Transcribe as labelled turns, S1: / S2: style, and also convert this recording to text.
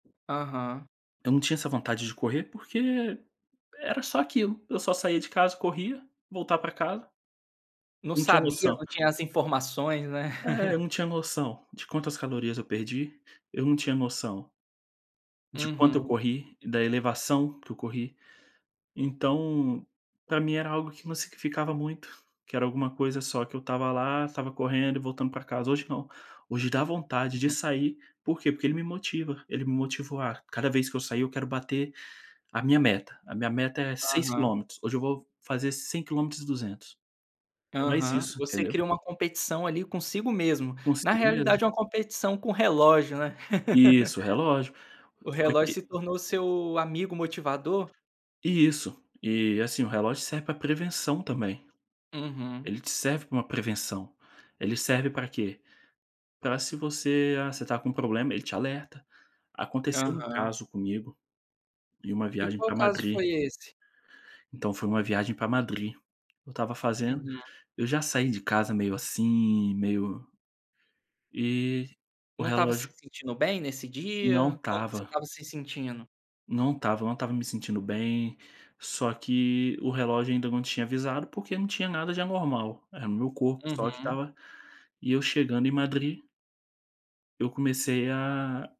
S1: Aham.
S2: Eu não tinha essa vontade de correr, porque era só aquilo. Eu só saía de casa, corria, voltar para casa.
S1: Não
S2: Não tinha
S1: sabia,
S2: noção.
S1: não tinha as informações, né.
S2: É, eu não tinha noção de quantas calorias eu perdi, eu não tinha noção de quanto eu
S1: Uhum.
S2: corri, da elevação que eu corri. Então, para mim era algo que me significava muito, que era alguma coisa só que eu estava lá, estava correndo e voltando para casa. Hoje não, hoje dá vontade de
S1: Uhum.
S2: sair. "Por quê?" Porque ele me motiva, ele me motiva. "Ah, cada vez que eu sair eu quero bater a minha meta. A minha meta é 6
S1: Aham.
S2: quilômetros, hoje eu vou fazer 5 quilômetros e 200". É mais
S1: Aham.
S2: isso,
S1: Você
S2: entendeu?
S1: cria uma competição ali consigo mesmo. Na
S2: Consigo mesmo.
S1: realidade é uma competição com o relógio, né.
S2: Isso, o relógio.
S1: O
S2: Só
S1: relógio
S2: que
S1: se tornou o seu amigo motivador?
S2: Isso. E, assim, o relógio serve para prevenção também.
S1: Uhum.
S2: Ele te serve para uma prevenção. "Ele serve para quê?" Para se você "Ah, você está com um problema?" Ele te alerta. Aconteceu um
S1: Aham.
S2: caso comigo, em uma
S1: E
S2: viagem
S1: qual
S2: para
S1: caso
S2: Madrid
S1: foi esse?
S2: Então, foi uma viagem para Madrid. Eu estava fazendo
S1: Uhum.
S2: eu já saí de casa meio assim, meio e o
S1: Não estava se
S2: relógio
S1: sentindo bem nesse
S2: Não
S1: dia, como você
S2: estava.
S1: estava se sentindo?
S2: Não estava, eu não estava me sentindo bem, só que o relógio ainda não tinha avisado porque não tinha nada de anormal, era o meu corpo só que
S1: Uhum.
S2: estava e eu chegando em Madrid eu comecei a